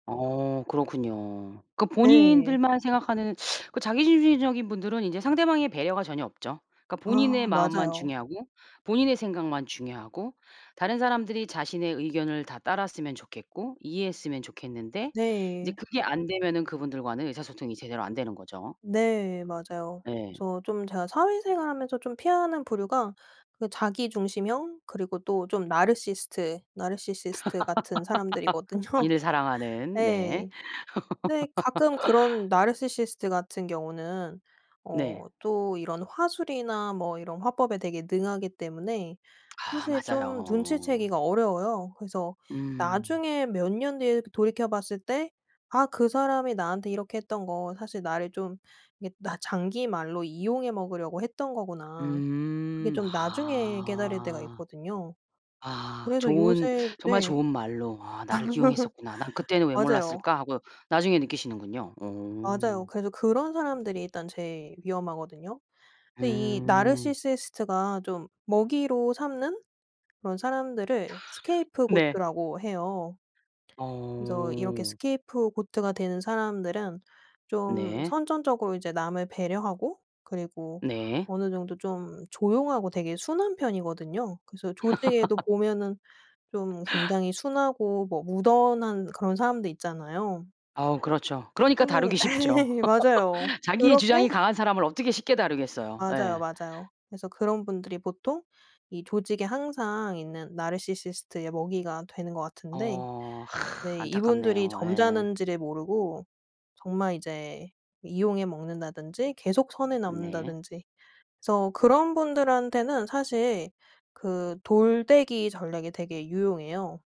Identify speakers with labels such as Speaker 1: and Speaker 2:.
Speaker 1: 어 그렇군요. 그
Speaker 2: 네.
Speaker 1: 본인들만 생각하는 그 자기중심적인 분들은 이제 상대방의 배려가 전혀 없죠. 그러니까 본인의
Speaker 2: 아
Speaker 1: 마음만
Speaker 2: 맞아요.
Speaker 1: 중요하고 본인의 생각만 중요하고 다른 사람들이 자신의 의견을 다 따랐으면 좋겠고 이해했으면 좋겠는데 이제
Speaker 2: 네.
Speaker 1: 그게 안되면은 그분들과는 의사소통이 제대로 안 되는 거죠.
Speaker 2: 네 맞아요.
Speaker 1: 네.
Speaker 2: 그래서 좀 제가 사회생활 하면서 좀 피하는 부류가 그 자기중심형 그리고 또 좀 나르시스트 나르시시스트 같은 사람들이거든요.
Speaker 1: 본인을 사랑하는 네.
Speaker 2: 예. 근데 가끔 그런 나르시시스트 같은 경우는
Speaker 1: 네.
Speaker 2: 어 또 이런 화술이나 뭐 이런 화법에 되게 능하기 때문에
Speaker 1: 아
Speaker 2: 사실 좀
Speaker 1: 맞아요.
Speaker 2: 눈치채기가 어려워요. 그래서
Speaker 1: 음.
Speaker 2: 나중에 몇 년 뒤에 이렇게 돌이켜 봤을 때 '아 그 사람이 나한테 이렇게 했던 거 사실 나를 좀 이렇게 나 장기 말로 이용해 먹으려고 했던 거구나.' 그게
Speaker 1: 음
Speaker 2: 좀 나중에 깨달을 때가
Speaker 1: 아.
Speaker 2: 있거든요.
Speaker 1: 아
Speaker 2: 그래서
Speaker 1: 좋은
Speaker 2: 요새
Speaker 1: 정말
Speaker 2: 네.
Speaker 1: 좋은 말로 '아 나를 기용했었구나. 난 그때는 왜
Speaker 2: 맞아요.
Speaker 1: 몰랐을까?' 하고 나중에 느끼시는군요. 오.
Speaker 2: 맞아요. 그래서 그런 사람들이 일단 제일 위험하거든요. 근데 이
Speaker 1: 음.
Speaker 2: 나르시시스트가 좀 먹이로 삼는 그런 사람들을
Speaker 1: 네.
Speaker 2: Scapegoat라고 해요. 그래서 이렇게
Speaker 1: 어.
Speaker 2: Scapegoat가 되는 사람들은 좀
Speaker 1: 네.
Speaker 2: 선천적으로 이제 남을 배려하고 그리고
Speaker 1: 네.
Speaker 2: 어느 정도 좀 조용하고 되게 순한 편이거든요. 그래서 조직에도 보면은 좀 굉장히 순하고 뭐 무던한 그런 사람들 있잖아요.
Speaker 1: 어 그렇죠. 그러니까
Speaker 2: 그러면은
Speaker 1: 다루기 쉽죠.
Speaker 2: 예 맞아요.
Speaker 1: 자기의
Speaker 2: 그렇게
Speaker 1: 주장이 강한 사람을 어떻게 쉽게 다루겠어요.
Speaker 2: 맞아요,
Speaker 1: 예.
Speaker 2: 맞아요. 그래서 그런 분들이 보통 이 조직에 항상 있는 나르시시스트의 먹이가 되는 것 같은데
Speaker 1: 어.
Speaker 2: 네 이분들이
Speaker 1: 안타깝네요. 예.
Speaker 2: 점잖은지를 모르고 정말 이제 이용해 먹는다든지 계속 선을
Speaker 1: 네.
Speaker 2: 넘는다든지 그래서 그런 분들한테는 사실 그 돌 되기 전략이 되게 유용해요.